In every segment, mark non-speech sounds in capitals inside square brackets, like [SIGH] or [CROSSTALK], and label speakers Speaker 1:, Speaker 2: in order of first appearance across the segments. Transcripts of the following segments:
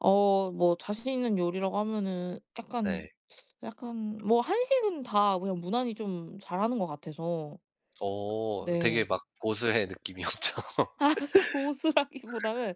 Speaker 1: 어 뭐 자신있는 요리라고 하면은 약간
Speaker 2: 네.
Speaker 1: [SUCKS TEETH] 약간 뭐 한식은 다 그냥 무난히 좀 잘하는 것 같아서.
Speaker 2: 어 되게
Speaker 1: 네.
Speaker 2: 막 고수의 느낌이 엄청 [LAUGHS]
Speaker 1: 고수라기보다는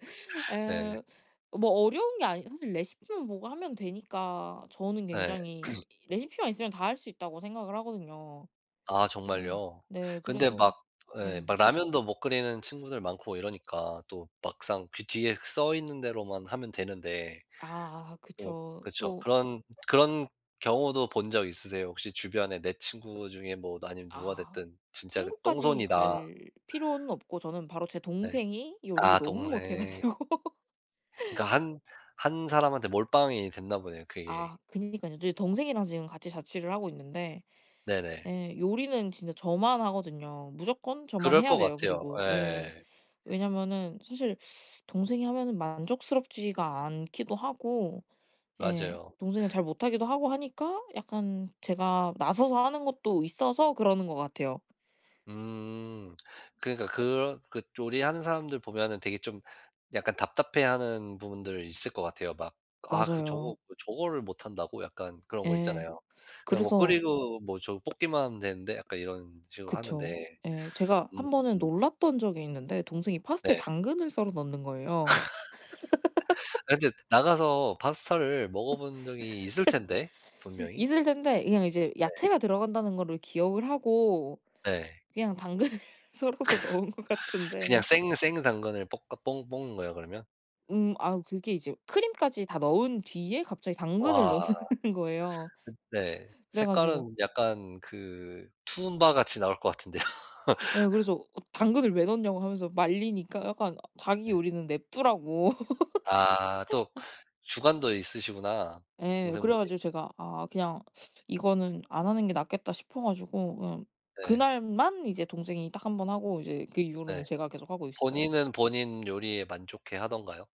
Speaker 2: 네.
Speaker 1: 예 뭐 어려운 게 아니 사실 레시피만 보고 하면 되니까 저는
Speaker 2: 네.
Speaker 1: 굉장히
Speaker 2: [CLEARS THROAT]
Speaker 1: 레시피만 있으면 다 할 수 있다고 생각을 하거든요.
Speaker 2: 아
Speaker 1: 네.
Speaker 2: 정말요?
Speaker 1: 네.
Speaker 2: 근데
Speaker 1: 그래서
Speaker 2: 막 예.
Speaker 1: 네.
Speaker 2: 막 라면도 못 끓이는 친구들 많고 이러니까 또 막상 그 뒤에 써 있는 대로만 하면 되는데
Speaker 1: 아.
Speaker 2: 뭐
Speaker 1: 그쵸.
Speaker 2: 그쵸.
Speaker 1: 또
Speaker 2: 그런 그런 경우도 본 적 있으세요? 혹시 주변에 내 친구 중에 뭐 아니면 누가
Speaker 1: 아
Speaker 2: 됐든 진짜 그
Speaker 1: 친구까지
Speaker 2: '똥손이다.'
Speaker 1: 갈 필요는 없고 저는 바로 제
Speaker 2: 네
Speaker 1: 동생이 요리를
Speaker 2: 아
Speaker 1: 너무 못해
Speaker 2: 동생.
Speaker 1: 가지고.
Speaker 2: 그니까 한 한 사람한테 몰빵이 됐나 보네요, 그게.
Speaker 1: 아 그러니까요. 이제 동생이랑 지금 같이 자취를 하고 있는데
Speaker 2: 네네.
Speaker 1: 예 요리는 진짜 저만 하거든요. 무조건 저만
Speaker 2: 그럴 거
Speaker 1: 해야 돼요.
Speaker 2: 같아요.
Speaker 1: 그리고 예.
Speaker 2: 예.
Speaker 1: 왜냐면은 사실 [SUCKS TEETH] 동생이 하면은 만족스럽지가 않기도 하고 예.
Speaker 2: 맞아요.
Speaker 1: 동생은 잘 못하기도 하고 하니까 약간 제가 나서서 하는 것도 있어서 그러는 거 같아요.
Speaker 2: 음 그러니까 그런 그 요리하는 사람들 보면은 되게 좀 약간 답답해하는 부분들 있을 것 같아요. 막 아 그
Speaker 1: 맞아요.
Speaker 2: '저거 저거를 못한다고?' 약간 그런 거
Speaker 1: 예.
Speaker 2: 있잖아요. '그냥 뭐
Speaker 1: 그래서
Speaker 2: 끓이고 뭐 저거 볶기만 하면 되는데, 약간 이런 식으로 하는데.'
Speaker 1: 그쵸. 예 제가
Speaker 2: [SUCKS TEETH]
Speaker 1: 한번은
Speaker 2: 음음.
Speaker 1: 놀랐던 적이 있는데 동생이 파스타에
Speaker 2: 네.
Speaker 1: 당근을 썰어 넣는 거예요.
Speaker 2: [LAUGHS]
Speaker 1: [LAUGHS]
Speaker 2: 아 근데 나가서 파스타를 먹어본 적이 있을 텐데,
Speaker 1: [LAUGHS]
Speaker 2: 분명히.
Speaker 1: 있을 텐데 그냥 이제
Speaker 2: 네.
Speaker 1: 야채가 들어간다는 거를 기억을 하고
Speaker 2: 네.
Speaker 1: 그냥 당근을 썰어서 넣은 것
Speaker 2: [LAUGHS] 그냥
Speaker 1: 같은데.
Speaker 2: 생 생 당근을 볶아 볶 볶는 거예요, 그러면?
Speaker 1: 음 아우 그게 이제 크림까지 다 넣은 뒤에 갑자기 당근을
Speaker 2: 와.
Speaker 1: 넣는 거예요.
Speaker 2: 네.
Speaker 1: 그래 가지고
Speaker 2: 색깔은 약간 그 투움바 같이 나올 것 같은데요.
Speaker 1: 예
Speaker 2: [LAUGHS]
Speaker 1: 그래서 당근을 왜 넣냐고 하면서 말리니까 약간 자기
Speaker 2: 네.
Speaker 1: 요리는 냅두라고.
Speaker 2: 아 또
Speaker 1: [LAUGHS]
Speaker 2: 주관도 있으시구나,
Speaker 1: 예, 그래
Speaker 2: 동생분이.
Speaker 1: 가지고 제가 '아 그냥 [SUCKS TEETH] 이거는 안 하는 게 낫겠다.' 싶어 가지고 음 그
Speaker 2: 네.
Speaker 1: 날만 이제 동생이 딱 1 번 하고 이제 그
Speaker 2: 네.
Speaker 1: 이후로는 제가 계속 하고 있어요.
Speaker 2: 본인은 본인 요리에 만족해 하던가요?